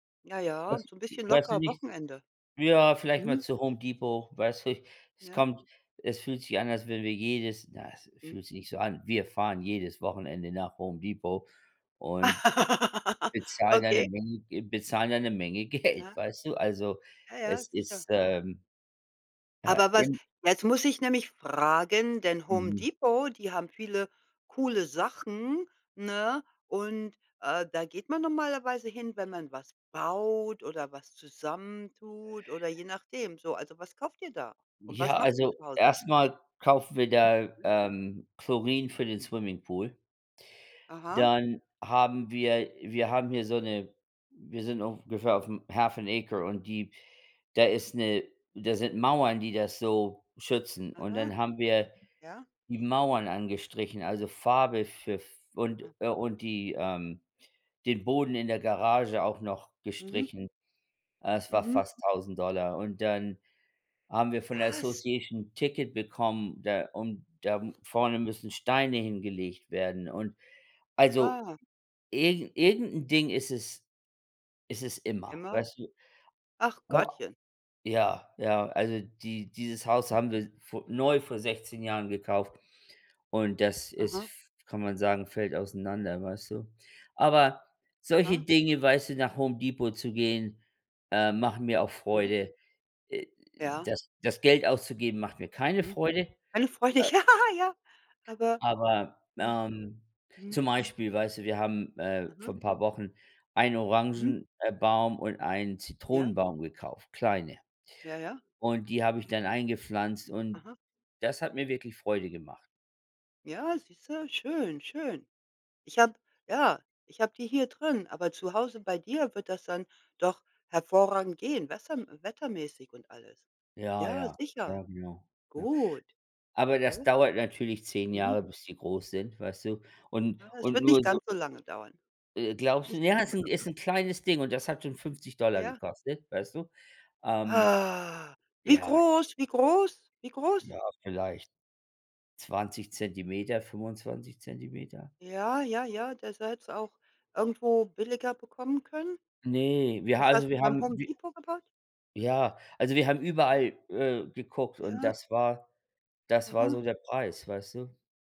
Ja, Weiß ja, so 'n wi bisschen weiß du locker nicht Wochenende. ja, vielleicht mal Mhm. zu Home Depot, weißt du? Es Ja. kommt es fühlt sich an, als wenn wir jedes na, es Mhm. fühlt sich nicht so an, wir fahren jedes Wochenende nach Home Depot und bezahlen da 'ne Okay. Menge Ge bezahlen da 'ne Menge Geld, Ja. weißt du? Also, Ja, ja, es sicher. ist, ähm, äh, Aber was im jetzt muss ich nämlich fragen, denn Home Mhm. Depot, die haben viele coole Sachen, ne? Und, äh, da geht man normalerweise hin, wenn man was baut oder was zusammen tut oder je nachdem. So, also, was kauft ihr da? Und Ja, was macht ihr also, zu Hause? erst mal kaufen wir da, Ja. ähm, Chlorin für den Swimmingpool. Aha. Dann haben wir wir haben hier so 'ne wir sind ungefähr auf'm half and acre und die da ist 'ne da sind Mauern, die das so schützen. Und Aha. dann haben wir Ja. die Mauern angestrichen, also, Farbe für f und, Ah. äh und die, ähm den Boden in der Garage auch noch Mhm. gestrichen. Das war Mhm. fast 1000 $. Und dann haben wir von der Was? Association 'n Ticket bekommen, da und da Ja. vorne müssen Steine hingelegt werden. Und, also, Ah. irgend irgend 'n Ding ist es ist es immer, Immer. weißt du? Ach, Gottchen. Ja, ja, also, die dieses Haus haben wir s vor neu vor 16 Jahren gekauft und das ist Aha. f kann man sagen, fällt auseinander, weißt du? Aber solche Aha. Dinge, weißt du, nach Home Depot zu gehen, äh, machen mir auch Mhm. Freude, äh, Ja. das das Geld auszugeben, macht mir keine Mhm. Freude, Keine Freude, äh ja, ja. Aber aber, ja. ähm, Mhm. zum Beispiel, weißt du, wir haben, äh, vor Aha. 'n paar Wochen einen Mhm. Orangen äh, baum und einen Ja. Zitronenbaum gekauft, kleine. Ja, ja. Und die habe ich dann eingepflanzt und Aha. das hat mir wirklich Freude gemacht. Ja, siehste? Schön, schön. Ich habe ja, ich habe die hier drin, aber zu Hause bei dir wird das dann doch hervorragend gehen, wesser wettermäßig und alles. Ja, Ja, ja, sicher. ja, genau, ja. Gut, Aber das ne? dauert natürlich 10 Mhm. Jahre, bis die groß sind, weißt du? Und Ah, es und wird nicht nur so ganz so lange dauern. Äh, glaubst du n Nicht ja, ganz ist so 'n ist lange. 'n kleines Ding und das hat schon 50 $ Ja. gekostet, weißt du? Ähm Ah! Wie ja. groß, wie groß, wie groß? Ja, vielleicht 20 cm, 25 cm. Ja, ja, ja, das hättest auch irgendwo billiger bekommen können? Ne, wir ha Das also, hast du wir beim haben Home wi Depot? [unintelligible] ja, also, wir haben Ja. überall, äh, geguckt und Ja. das war das war so Aha. der Preis, weißt du?